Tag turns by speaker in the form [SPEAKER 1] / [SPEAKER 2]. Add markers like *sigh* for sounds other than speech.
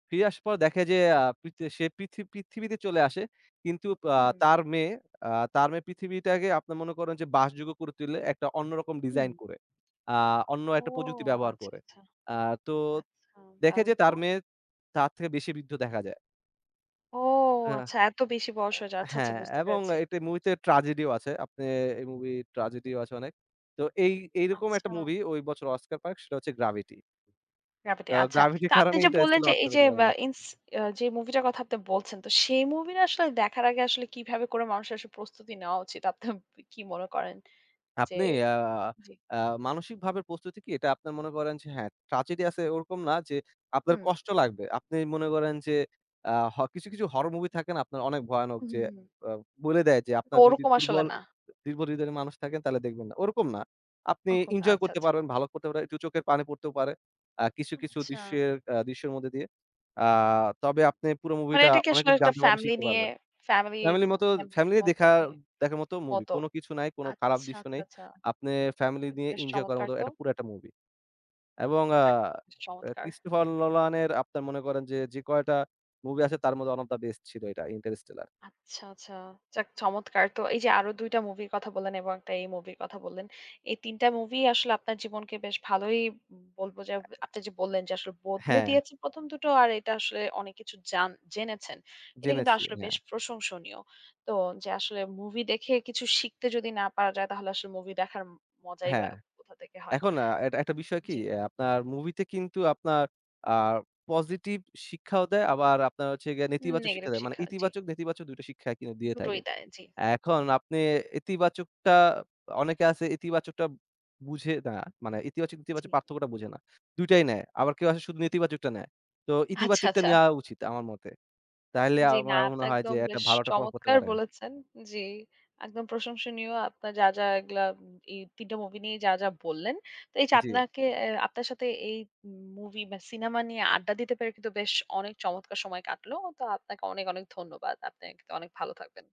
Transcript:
[SPEAKER 1] ফিরে আসার পর দেখে যে আ পৃথি সে পৃথি পৃথিবীতে চলে আসে। কিন্তু আ
[SPEAKER 2] হুম।
[SPEAKER 1] তার মেয়ে আ তার মেয়ে পৃথিবীটাকে আপনার মনে করেন যে, বাসযোগ্য করে তুলে একটা অন্য রকম ডিজাইন
[SPEAKER 2] হুম।
[SPEAKER 1] করে। আ অন্য
[SPEAKER 2] ও
[SPEAKER 1] একটা প্রযুক্তি ব্যবহার
[SPEAKER 2] আচ্ছা,
[SPEAKER 1] করে।
[SPEAKER 2] আচ্ছা।
[SPEAKER 1] আ তো
[SPEAKER 2] আচ্ছা,
[SPEAKER 1] দেখে
[SPEAKER 2] দারুণ
[SPEAKER 1] যে
[SPEAKER 2] তো!
[SPEAKER 1] তার মেয়ে তার থেকে বেশি বৃদ্ধ দেখা যায়।
[SPEAKER 2] ও
[SPEAKER 1] আহ অ্যা
[SPEAKER 2] আচ্ছা এত বেশি বয়স হয়ে যায়। আচ্ছা, আচ্ছা।
[SPEAKER 1] হ্যাঁ, হ্যাঁ।
[SPEAKER 2] বুঝতে
[SPEAKER 1] এবং
[SPEAKER 2] পেরেছি।
[SPEAKER 1] একটা মুভিতে ট্র্যাজেডি ও আছে। আপনি এই মুভি ট্র্যাজেডি ও আছে অনেক। তো এই এইরকম একটা
[SPEAKER 2] আচ্ছা।
[SPEAKER 1] মুভি ঐ বছর অস্কার পায় সেটা হচ্ছে Gravity.
[SPEAKER 2] Gravity
[SPEAKER 1] তো
[SPEAKER 2] আচ্ছা।
[SPEAKER 1] Gravity এর
[SPEAKER 2] তো আপনি
[SPEAKER 1] কারণে
[SPEAKER 2] যে বললেন
[SPEAKER 1] Interstellar
[SPEAKER 2] যে,
[SPEAKER 1] অস্কার
[SPEAKER 2] এই যে,
[SPEAKER 1] পেতে পারে
[SPEAKER 2] আ
[SPEAKER 1] নি।
[SPEAKER 2] ইন্স যে মুভি টার কথা আপনি বলছেন। তো সেই মুভি টা আসলে দেখার আগে আসলে কিভাবে করে মানুষের আসলে প্রস্তুতি নেওয়া উচিত? আপনি কি মনে করেন? যে
[SPEAKER 1] আপনি আ
[SPEAKER 2] জ্বী।
[SPEAKER 1] আ মানসিক ভাবে প্রস্তুতি কি এটা আপনার মনে করেন যে, হ্যাঁ। ট্র্যাজেডি আছে ওরকম না যে আপনার
[SPEAKER 2] হুম।
[SPEAKER 1] কষ্ট লাগবে। আপনি মনে করেন যে আ হ কিছু, কিছু হরর মুভি থাকে না আপনার অনেক ভয়ানক,
[SPEAKER 2] হু,
[SPEAKER 1] যে
[SPEAKER 2] হু, হু।
[SPEAKER 1] অ বলে দেয় যে আপনার যদি
[SPEAKER 2] ওরকম আসলে
[SPEAKER 1] দুর্বল
[SPEAKER 2] না।
[SPEAKER 1] দুর্বল হৃদয়ের মানুষ থাকেন তাহলে দেখবেন না। ওরকম না। আপনি
[SPEAKER 2] ওরকম না,
[SPEAKER 1] ইনজয়
[SPEAKER 2] আচ্ছা,
[SPEAKER 1] করতে
[SPEAKER 2] আচ্ছা।
[SPEAKER 1] পারবেন ভালো করতে পারে দু চোখের পানি পড়তেও পারে। আ কিছু, কিছু
[SPEAKER 2] আচ্ছা।
[SPEAKER 1] দৃশ্যের আ দৃশ্যের মধ্যে দিয়ে। আ তবে আপনি পুরো
[SPEAKER 2] মানে
[SPEAKER 1] মুভিটা
[SPEAKER 2] এটা কি
[SPEAKER 1] অনেক
[SPEAKER 2] আসলে
[SPEAKER 1] কিছু
[SPEAKER 2] একটা
[SPEAKER 1] জানতে পারবেন
[SPEAKER 2] ফ্যামিলি
[SPEAKER 1] শিখতে
[SPEAKER 2] নিয়ে,
[SPEAKER 1] পারবেন।
[SPEAKER 2] ফ্যামিলি
[SPEAKER 1] ফ্যামিলির মতো
[SPEAKER 2] *unintelligible*
[SPEAKER 1] ফ্যামিলি
[SPEAKER 2] মতো
[SPEAKER 1] দেখা
[SPEAKER 2] নিয়ে,
[SPEAKER 1] দেখার মত মুভি।
[SPEAKER 2] মতো।
[SPEAKER 1] কোন কিছু নাই কোন খারাপ
[SPEAKER 2] আচ্ছা,
[SPEAKER 1] দৃশ্য
[SPEAKER 2] আচ্ছা,
[SPEAKER 1] নেই।
[SPEAKER 2] আচ্ছা।
[SPEAKER 1] আপনি ফ্যামিলি নিয়ে
[SPEAKER 2] বেশ
[SPEAKER 1] ইনজয় করার
[SPEAKER 2] চমৎকার
[SPEAKER 1] মতো
[SPEAKER 2] তো!
[SPEAKER 1] একটা পুরো একটা মুভি। এবং আ
[SPEAKER 2] যাক, বেশ
[SPEAKER 1] এ
[SPEAKER 2] চমৎকার!
[SPEAKER 1] Christopher Nolan এর আপনার মনে করেন যে, যে কয়টা মুভি আছে তার মধ্যে ওয়ান ওফ দ্যা বেস্ট ছিল এটা Interstellar.
[SPEAKER 2] আচ্ছা, আচ্ছা। যাক চমৎকার। তো এই যে আরো ২ টা মুভির কথা বললেন এবং ১ টা এই মুভির কথা বললেন। এই ৩ টা মুভি আসলে আপনার জীবনকে বেশ ভালোই বলব, যে আপনি যে বললেন যে আসলে বদলে
[SPEAKER 1] হ্যাঁ।
[SPEAKER 2] দিয়েছে ১ম দুটো আর এটা আসলে অনেক কিছু জান জেনেছেন। এটা কিন্তু
[SPEAKER 1] জেনেছি,
[SPEAKER 2] আসলে বেশ
[SPEAKER 1] হ্যাঁ।
[SPEAKER 2] প্রশংসনীয়। তো যে আসলে মুভি দেখে কিছু শিখতে যদি না পারা যায় তাহলে আসলে মুভি দেখার মজাই বা
[SPEAKER 1] হ্যাঁ।
[SPEAKER 2] কোথা থেকে হয়।
[SPEAKER 1] এখন আ একটা একটা বিষয় কি
[SPEAKER 2] জ্বী।
[SPEAKER 1] আ আপনার মুভিতে কিন্তু আপনার আ পজিটিভ শিক্ষাও দেয়। আবার আপনার হোচ্ছে গিয়ে
[SPEAKER 2] উ
[SPEAKER 1] নেতিবাচক শিক্ষা
[SPEAKER 2] নেগেটিভ
[SPEAKER 1] দেয়। মানে
[SPEAKER 2] শিক্ষা, জ্বী।
[SPEAKER 1] ইতিবাচক নেতিবাচক ২ টা শিক্ষা কিন্তু দিয়ে থাকে।
[SPEAKER 2] দুটোই দেয়, জ্বী।
[SPEAKER 1] এখন আপনি ইতিবাচকটা অনেকে আছে ইতিবাচকটা বুঝে না মানে ইতিবাচক
[SPEAKER 2] জ্বী।
[SPEAKER 1] নেতিবাচক পার্থক্যটা বুঝে না। দুইটাই নেয়। আবার কেউ আছে শুধু নেতিবাচকটা নেয়। তো
[SPEAKER 2] আচ্ছা,
[SPEAKER 1] ইতিবাচকটা
[SPEAKER 2] আচ্ছা।
[SPEAKER 1] নেওয়া উচিত আমার মতে। তাহলে
[SPEAKER 2] জ্বী
[SPEAKER 1] আম
[SPEAKER 2] না।
[SPEAKER 1] আমার
[SPEAKER 2] আপনি
[SPEAKER 1] মনে হয় যে
[SPEAKER 2] একদম
[SPEAKER 1] একটা
[SPEAKER 2] বেশ
[SPEAKER 1] ভালো একটা প্রভাব পড়তে
[SPEAKER 2] চমৎকার
[SPEAKER 1] পারে।
[SPEAKER 2] বলেছেন। জ্বী। একদম প্রশংসনীয়। আপনার যা, যা এগুলা ই ৩ টা মুভি নিয়েই যা, যা বললেন। তো এই যে
[SPEAKER 1] জ্বী।
[SPEAKER 2] আপনাকে এ আপনার সাথে এই মুভি বা সিনেমা নিয়ে আড্ডা দিতে পেরে কিন্তু বেশ অনেক চমৎকার সময় কাটলো। তো আপনাকে অনেক, অনেক ধন্যবাদ। আপনি কিন্তু অনেক ভালো থাকবেন।